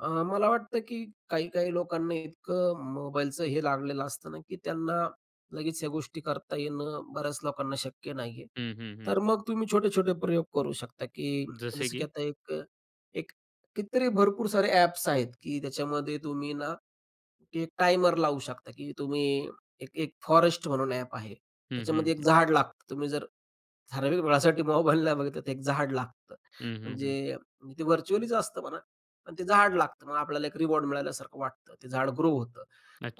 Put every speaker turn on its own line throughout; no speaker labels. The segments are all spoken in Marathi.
अ, मला वाटतं की काही-काही लोकांना इतकं अ, मोबाईलचं हे लागलेलं असतं ना की त्यांना लगेच या गोष्टी करता येणं बऱ्याच लोकांना शक्य नाही आहे.
हं, हं, हं.
तर मग तुम्ही छोटे-छोटे प्रयोग करू शकता, की
जसे
जसं की
की?
आता एक एक कितीतरी भरपूर सारे ॲप्स आहेत की त्याच्यामध्ये तुम्ही ना एक टाइमर लावू शकता, की तुम्ही एक एक फॉरेस्ट म्हणून ॲप आहे.
हं, हं,
त्याच्यामध्ये एक
हं.
झाड लागतं. तुम्ही जर ठराविक वेळेसाठी मोबाइल नाही बघितला 1 झाड लागतं.
हं, हं, हं.
म्हणजे ते व्हर्चुअलीच असतं म्हणा, पण ते झाड लागतं. मग आपल्याला 1 रिवॉर्ड मिळाल्यासारखं वाटतं. ते झाडं ग्रो होतं.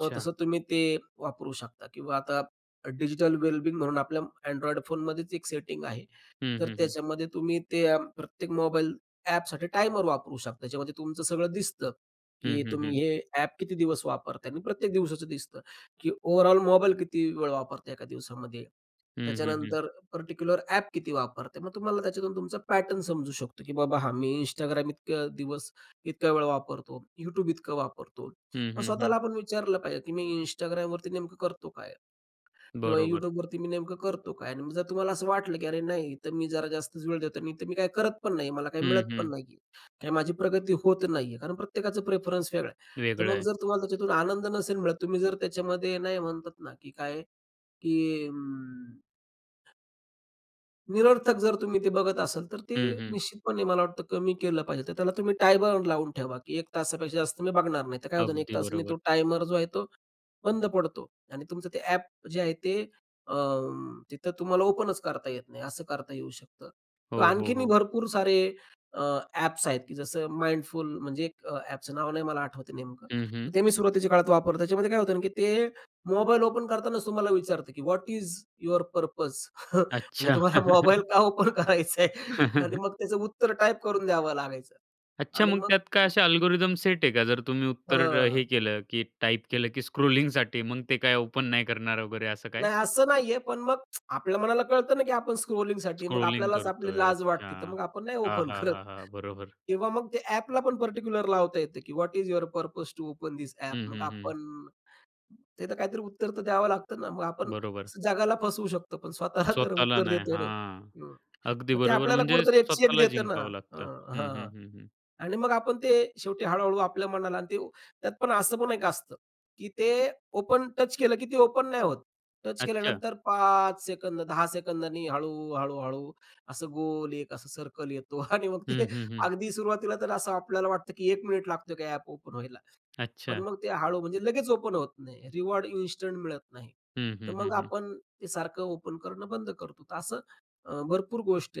मग तसं तुम्ही ते वापरू शकता किंवा आता अ, डिजिटल वेल बिंग म्हणून आपल्या अँन्ड्रॉइड फोनमध्येच 1 सेटिंग आहे.
हं,
तर
हं, हं.
त्याच्यामध्ये तुम्ही ते प्रत्येक मोबाईल ॲपसाठी टायमर वापरू शकता. त्याच्यामध्ये तुमचं सगळं दिसतं,
हं,
की
हं,
तुम्ही
हं.
हे ॲप किती दिवस वापरताय आणि प्रत्येक दिवसाचं दिसतं की ओव्हरऑल मोबाईल किती वेळ वापरताय 1 दिवसामध्ये.
हं, हं, हं.
त्याच्यानंतर पार्टिक्युलर ॲप किती वापरते. मग तुम्हाला त्याच्यातून तुमचा पॅटर्न समजू शकतो की बाबा हां, मी Instagram इतके दिवस इतका वेळ वापरतो, YouTube इतकं वापरतो.
हं,
मग
हं, हं.
स्वतःला आपण विचारलं पाहिजे की मी Instagramवरती नेमकं करतो काय? किंवा
बरोबर.
YouTubeवरती मी नेमकं करतो काय? आणि मग जर तुम्हाला असं वाटलं, की अरे, नाही तर मी जरा जास्तच वेळ देतो आणि तर मी काही करत पण नाहीये. मला काही
हं,
मिळत पण
हं.
नाही आहे आणि माझी प्रगती होत नाही आहे. कारण प्रत्येकाचा प्रेफरन्स वेगळा आहे. तर
वेगळं
मग
आहे.
जर तुम्हाला त्याच्यातून आनंद नसेल, तुम्ही जर त्याच्यामध्ये नाही म्हणतात ना, की काय? की अं निरर्थक जर तुम्ही ते बघत असाल, तर ते
हं, हं.
निश्चितपणे मला वाटतं कमी केलं पाहिजे. तर त्याला तुम्ही टाईम बाउंड लावून ठेवा की 1 तासापेक्षा जास्त मी बघणार नाही. तर काय होत नाही 1
अगदी
तासाने
बरोबर.
तो टायमर जो आहे, तो बंद पडतो आणि तुमचं ते ॲप जे आहे ते अ, तिथं तुम्हाला ओपनच करता येत नाही. असं करता येऊ शकतं
हो, हो,
आणखीनही
हो.
भरपूर सारे अ, ॲप्स आहेत की जसं Mindful म्हणजे अ, ॲपचं नाव नाही मला आठवतंय नेमकं,
हं, हं.
ते मी सुरुवातीच्या काळात वापरलं. त्याच्यामध्ये काय होतं की ते मोबाईल ओपन करतांनाच तुम्हाला विचारतं की, "व्हॉट इज युवर पर्पज?" म्हणजे
अच्छा.
तुम्हाला मोबाईल का ओपन करायच आहे आणि मग त्याचं उत्तर टाइप करून द्यावं लागायचं.
अच्छा,
आणि
मग
मग
त्यात काय असे
[unintelligible]
अल्गोरिदम सेट आहे का जर तुम्ही
हं,
उत्तर
हं, हं.
हे केलं, की टाइप केलं की स्क्रॉलिंगसाठी मग ते काय ओपन नाही करणार वगैरे असं काय?
नाही, असं नाही आहे. पण मग आपल्या मनाला कळतं ना की आपण स्क्रॉलिंगसाठी मग
स्क्रॉलिंग
आपल्यालाच आपली
करतोय.
लाज
अच्छा!
वाटते. तर मग आपण नाही
हां,
ओपन
हां,
करत
हां, हां, बरोबर.
किंवा मग ते ॲपला पण पार्टिक्युलर लावता येतं की, "what is your purpose to open this app."
हं,
मग
हं, हं.
आपण ते तर काहीतरी उत्तर द्यावं लागतं ना. मग आपण
बरोबर.
जगाला फसवू शकतो. पण स्वतःला तर
स्वतःला
उत्तर
नाही,
देतो ना
हां,
हं,
अगदी
मग ते
बरोबर
आपल्याला
म्हणजे
कुठेतरी 1 चेक
स्वतःला
देत ना?
जिंकावं
अ
लागतं. हं,
हां
हं, हं, हं.
आणि मग आपण ते शेवटी हळू-हळू आपल्या मनाला अन् ते त्यात पण असं पण एक असतं, की ते ओपन टच केलं की ते ओपन नाही होत. टच
अच्छा.
केल्यानंतर 5 सेकंद 10 सेकंदांनी हळू, हळू-हळू असं गोल एक असं सर्कल येतो आणि मग ते
हं, हं, हं.
अगदी सुरुवातीला तर असं आपल्याला वाटतं की 1 मिनिट लागतो की ॲप ओपन व्हायला. पण
अच्छा.
मग ते हळू म्हणजे लगेच ओपन होत नाही. रिवॉर्ड इन्स्टंट मिळत नाही.
हं,
तर
हं, हं,
मग
हं.
आपण ते सारखं ओपन करणं बंद करतो. तर असं अ, भरपूर गोष्टी आहेत.